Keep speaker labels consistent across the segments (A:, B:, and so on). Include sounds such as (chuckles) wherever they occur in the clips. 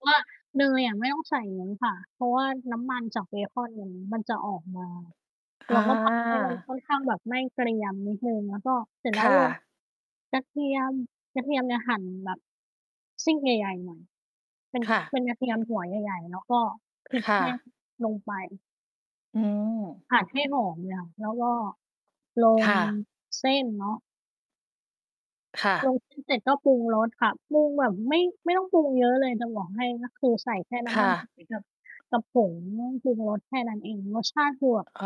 A: เพราะว่า เนยอะไม่ต้องใส่เยอะค่ะ เพราะว่าน้ำมันจากเบคอนมัน มันจะออกมา เร
B: อ
A: า
B: า
A: ก็ทำให้มันค่อนข้างแบบไหม้เกรียมนิดหนึ่ง แล้วก็เสร็จแล
B: ค
A: ้ว
B: ่
A: ลง
B: ะ
A: กระเทียม กระเทียมเนี่ยหั่นแบบ ซีกใหญ่ ๆ หน่อย เป็น
B: ค่ะ
A: เป็นกระเทียมหัวใหญ่ ๆ แล้วก็ พริก
B: ค่
A: แห้ง
B: ะ
A: ลงไป
B: อืม
A: ผัดให้หอมเลยค่ะ แล้วก็ล
B: ค
A: ง
B: ่ะ
A: เส้นเนาะ
B: ค่
A: ล
B: ะ
A: ง เส้น เสร็จก็ปรุงรสค่ะ ปรุงแบบไม่ ไม่ต้องปรุงเยอะเลยจะบอกให้ ก็คือใส่แค่น
B: ค
A: ้ำม
B: ่
A: ัน
B: ะ
A: หอยกับ กับผงปรุงรสแค่นั้นเอง รสชาติคือแบบ
B: อ๋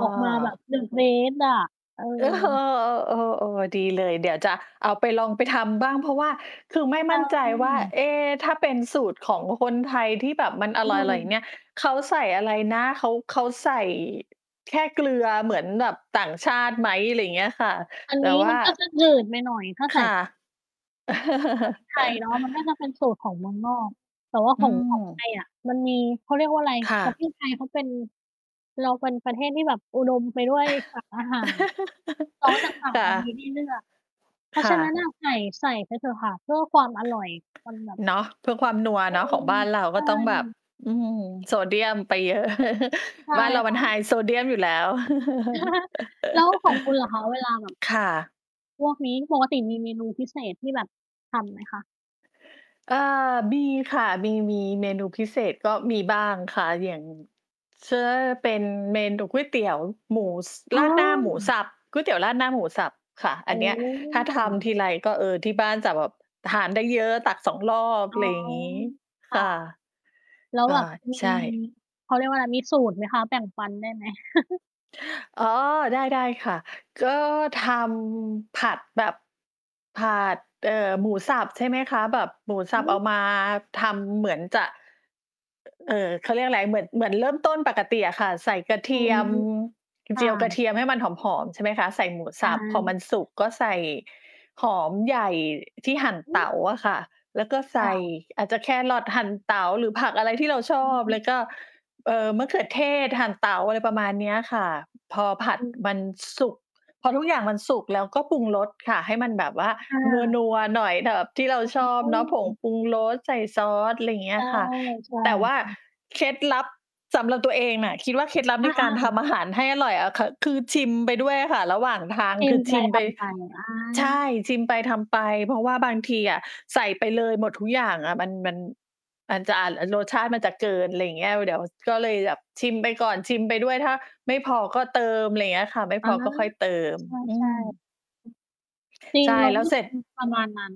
A: ออกมาแบบ the best อะ เออ
B: (chuckles) เออ ๆ ๆ ดีเลย เดี๋ยวจะเอาไปลองไปทำบ้าง เพราะว่าคือไม่
A: ใ
B: ม
A: ช
B: ั่นใจว่า
A: ่
B: เอ๊ ถ้าเป็นสูตรของคนไทยที่แบบมันอ
A: เ
B: ร่อย ๆ อย่าง
A: ออ
B: เงี้ย เขาใส่อะไรนะ เขา เขาใส่ แค่เกลือเหมือนแบบต่างชาติไหม อะไรอย่างเงี้ยค่ะ
A: อัน
B: แต่
A: นี้
B: ว่
A: มั
B: า
A: นก็จะหนืดไปหน่อย ถ้า
B: ค
A: ใส่
B: ่ะ
A: (unintelligible) พริกไทย
B: (chuckles)
A: เนาะ มันน่าจะเป็นสูตรของเมืองนอก แต่ว่า
B: อ
A: ข
B: ื
A: อง ของไท
B: ม
A: ยอะ มันมี เขาเรียกว่าอะไร
B: ค่ะ
A: ประเทศไทยเขาเป็น เราเป็นประเทศที่แบบอุดมไปด้วยสารอาหาร ซอสจาก
B: (giggles)
A: ฝั่ง
B: ค่
A: เรามี
B: ะ
A: ให้เลือก เพรา
B: ค
A: ะ
B: ่
A: ฉะนั้
B: ะ
A: น อะ ใส่ ๆ ไปเถอะค่ะ เพื่อความอร่อยมันแบบ
B: เนาะ เพื่อความนัว
A: อื
B: เนาะ ของ
A: ม
B: บ้านเรา
A: ใช
B: ก็
A: ่
B: ต้องแบบ อืม โซเดียมไปเยอะ
A: ใช
B: (chuckles)
A: ่
B: บ้านเรา
A: ค
B: มั
A: ่
B: นไฮ
A: ะ
B: โซเดียมอยู่แล้ว
A: (chuckles) แล้วของคุณล่ะคะเวลา
B: (chuckles)
A: แบบ
B: ค่ะ
A: พวกนี้ ปกติมีเมนูพิเศษที่แบบทำไหมคะ?
B: เอ่อ มี ค่ะ มี ๆ เมนูพิเศษ ก็มีบ้างค่ะ อย่าง เช่น เป็นเมนูก๋วยเตี๋ยวหมู ส
A: อ
B: ร
A: ้อ
B: าดหน้าหมูสับ ก๋วยเตี๋ยวราดหน้าหมูสับค่ะ
A: โ
B: อ
A: อ
B: ั
A: ้
B: นเนี้ย
A: โ
B: ถ้าท
A: ฮ
B: ำทีไรก็ เออ ที่บ้านจะแบบทานได้เยอะ ตัก 2 รอบ
A: อ
B: อ
A: ๋
B: ะ
A: อ
B: ไรอย่างงี้
A: ค
B: ค
A: ่ะ
B: ่ะ
A: แล้ว
B: ก็
A: แบบมี
B: ใช่
A: เขาเรียกว่าอะไร มีสูตรไหมคะ แบ่งปันได้ไหม? (chuckles)
B: อ๋อ ได้ ๆ ค่ะ ก็ทำผัดแบบ ผัด เอ่อ หมูสับ ใช่ไหมคะ แบบหมูส
A: อ
B: ั
A: ื
B: บเอามา
A: ม
B: ทำเหมือนจะ อ เอ่อ เขาเรียกอะไร เหมือน เหมือนเริ่มต้นปกติอะค่ะ ใส่กระเท
A: อื
B: ียม
A: ม ค
B: เจ
A: ่
B: ียวกระ
A: ะ
B: เทียมให้มันหอม ๆ ใช่ไหมคะ ใส่หมู
A: อ
B: ส
A: า
B: ับ พอมันสุกก็ใส่หอมใหญ่ที่หั่น
A: อื
B: เต
A: อ
B: ๋าอะค่ะ แล้วก็ใส
A: ค่
B: ่
A: ะ
B: อาจจะแครอทหั่นเต๋าหรือผักอะไรที่เราช
A: อ
B: อบ
A: ื
B: แ
A: ม
B: ล้วก็ เอ่อ มะเขือเทศหั่นเต๋า อะไรประมาณเนี้ยค่ะ พอผัด
A: อือ
B: มันสุก พอทุกอย่างมันสุก แล้วก็ปรุงรสค่ะ ให้มันแบบว่า
A: ค่ะ
B: นัว ๆ หน่อยแบบที่เราชอบ
A: อ๋
B: เนาะ ผง
A: อ
B: ปรุงรสใส่ซอส อะไรอย่างเงี
A: ใ
B: ้
A: ช
B: ย
A: ่
B: ค่ะ
A: ใช่
B: แต่ว่า
A: ค่ะ
B: เคล็ดลับ สำหรับตัวเองอะ คิดว่า เคล็ดลับ
A: อ
B: ในการท
A: า ๆ
B: ำอาหารให้อร่อยอะค่ะ คือชิมไปด้วยอะค่ะ ระหว่างทาง
A: กิ
B: ค
A: น
B: ือ
A: ไป
B: ชิม
A: ท
B: ไป
A: ำไป อา
B: ใช่ ชิมไปทำไป เพราะว่าบางทีอะใส่ไปเลยหมดทุกอย่างอะ มัน มัน มันจะอาจ อ่า รสชาติมันจะเกิน อะไรอย่างเงี้ย เดี๋ยวก็เลยแบบชิมไปก่อน ชิมไปด้วย ถ้าไม่พอก็เติม อะไรอย่างเงี้ยค่ะ ไม่
A: อ
B: พ
A: า
B: อก็ค่อยเติม อื
A: ใช่
B: ม
A: ๆ อือ จริ
B: ใ
A: ง
B: ช่
A: เรา
B: แล
A: ก
B: ้
A: ็
B: วเสร็จ
A: ทำประมาณนั้น